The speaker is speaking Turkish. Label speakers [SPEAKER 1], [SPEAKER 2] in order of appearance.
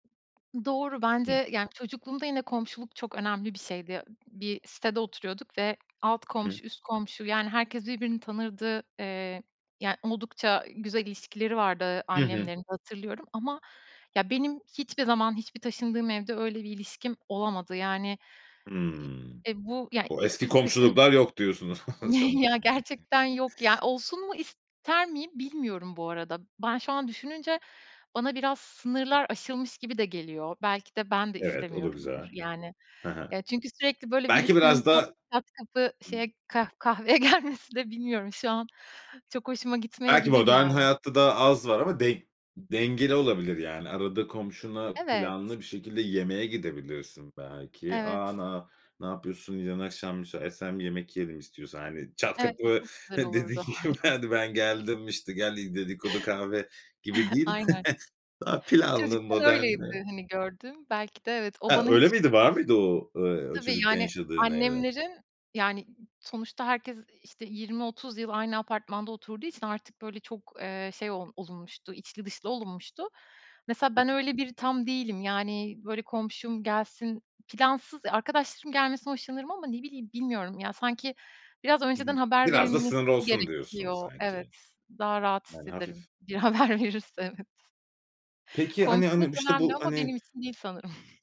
[SPEAKER 1] Doğru,
[SPEAKER 2] Hı.
[SPEAKER 1] bence, yani, çocukluğumda yine komşuluk çok önemli bir şeydi. Bir sitede oturuyorduk ve alt
[SPEAKER 2] Hı hı.
[SPEAKER 1] komşu, üst komşu, yani herkes birbirini tanırdı. Eee, yani, oldukça güzel ilişkileri vardı
[SPEAKER 2] Hı hı.
[SPEAKER 1] annemlerin de hatırlıyorum ama, ya, benim hiçbir zaman hiçbir taşındığım evde öyle bir ilişkim olamadı. Yani, iii,
[SPEAKER 2] Hımm.
[SPEAKER 1] eee, bu, yani,
[SPEAKER 2] O
[SPEAKER 1] i
[SPEAKER 2] eski
[SPEAKER 1] ilk taşın
[SPEAKER 2] komşuluklar yok diyorsun o zaman
[SPEAKER 1] Ya
[SPEAKER 2] yani.
[SPEAKER 1] gerçekten yok ya. Olsun mu ister miyim bilmiyorum bu arada. Ben şu an düşününce bana biraz sınırlar aşılmış gibi de geliyor. Belki de ben de
[SPEAKER 2] Evet, o da güzel.
[SPEAKER 1] istemiyorumdur, yani.
[SPEAKER 2] Ha ha.
[SPEAKER 1] Ya, çünkü sürekli böyle
[SPEAKER 2] Belki
[SPEAKER 1] birisinin
[SPEAKER 2] biraz
[SPEAKER 1] pat
[SPEAKER 2] da
[SPEAKER 1] çat kapı şeye kah kahveye gelmesi de bilmiyorum, şu an çok hoşuma
[SPEAKER 2] Belki
[SPEAKER 1] gitmeyebilir,
[SPEAKER 2] modern
[SPEAKER 1] yani.
[SPEAKER 2] hayatta da az var ama den dengeli olabilir, yani, arada komşuna
[SPEAKER 1] Evet.
[SPEAKER 2] planlı bir şekilde yemeğe gidebilirsin belki. "A,
[SPEAKER 1] Evet.
[SPEAKER 2] na ne yapıyorsun? Yarın akşam müsaitsen bir yemek yiyelim istiyorsan." Hani, çat
[SPEAKER 1] Evet, bu
[SPEAKER 2] kapı,
[SPEAKER 1] çok güzel
[SPEAKER 2] hı, dedi
[SPEAKER 1] olurdu.
[SPEAKER 2] ki şu
[SPEAKER 1] Aynen.
[SPEAKER 2] "Hadi ben geldim, işte, gel i dedikodu, kahve." gibi değil.
[SPEAKER 1] Aynen.
[SPEAKER 2] Daha planlı,
[SPEAKER 1] Çocukken
[SPEAKER 2] modern
[SPEAKER 1] öyleydi,
[SPEAKER 2] eee
[SPEAKER 1] hani, gördüğüm. Belki de evet, o
[SPEAKER 2] Ha,
[SPEAKER 1] bana
[SPEAKER 2] öyle
[SPEAKER 1] hiç
[SPEAKER 2] miydi? Var mıydı o, eee, o
[SPEAKER 1] Tabii,
[SPEAKER 2] çocukken
[SPEAKER 1] yani,
[SPEAKER 2] yaşadığın evde?
[SPEAKER 1] annemlerin, yani, sonuçta herkes, işte, 20-30 yıl aynı apartmanda oturduğu için artık böyle çok, eee, şey o olunmuştu, içli dışlı olunmuştu. Mesela
[SPEAKER 2] Hı
[SPEAKER 1] ben
[SPEAKER 2] hı.
[SPEAKER 1] öyle biri tam değilim. Yani böyle, komşum gelsin plansız ya, arkadaşlarım gelmesinden hoşlanırım ama ne bileyim, bilmiyorum. Ya, sanki biraz
[SPEAKER 2] Hı
[SPEAKER 1] önceden
[SPEAKER 2] hı.
[SPEAKER 1] haber
[SPEAKER 2] Biraz da
[SPEAKER 1] verilmesi
[SPEAKER 2] sınırlı olsun diyorsun
[SPEAKER 1] gerekiyor. Evet,
[SPEAKER 2] sanki.
[SPEAKER 1] daha rahat
[SPEAKER 2] Yani hafif.
[SPEAKER 1] hissederim. Bir haber verirse evet.
[SPEAKER 2] Peki hani hani,
[SPEAKER 1] Komşuluk
[SPEAKER 2] işte,
[SPEAKER 1] önemli
[SPEAKER 2] bu,
[SPEAKER 1] ama
[SPEAKER 2] hani
[SPEAKER 1] benim için değil sanırım.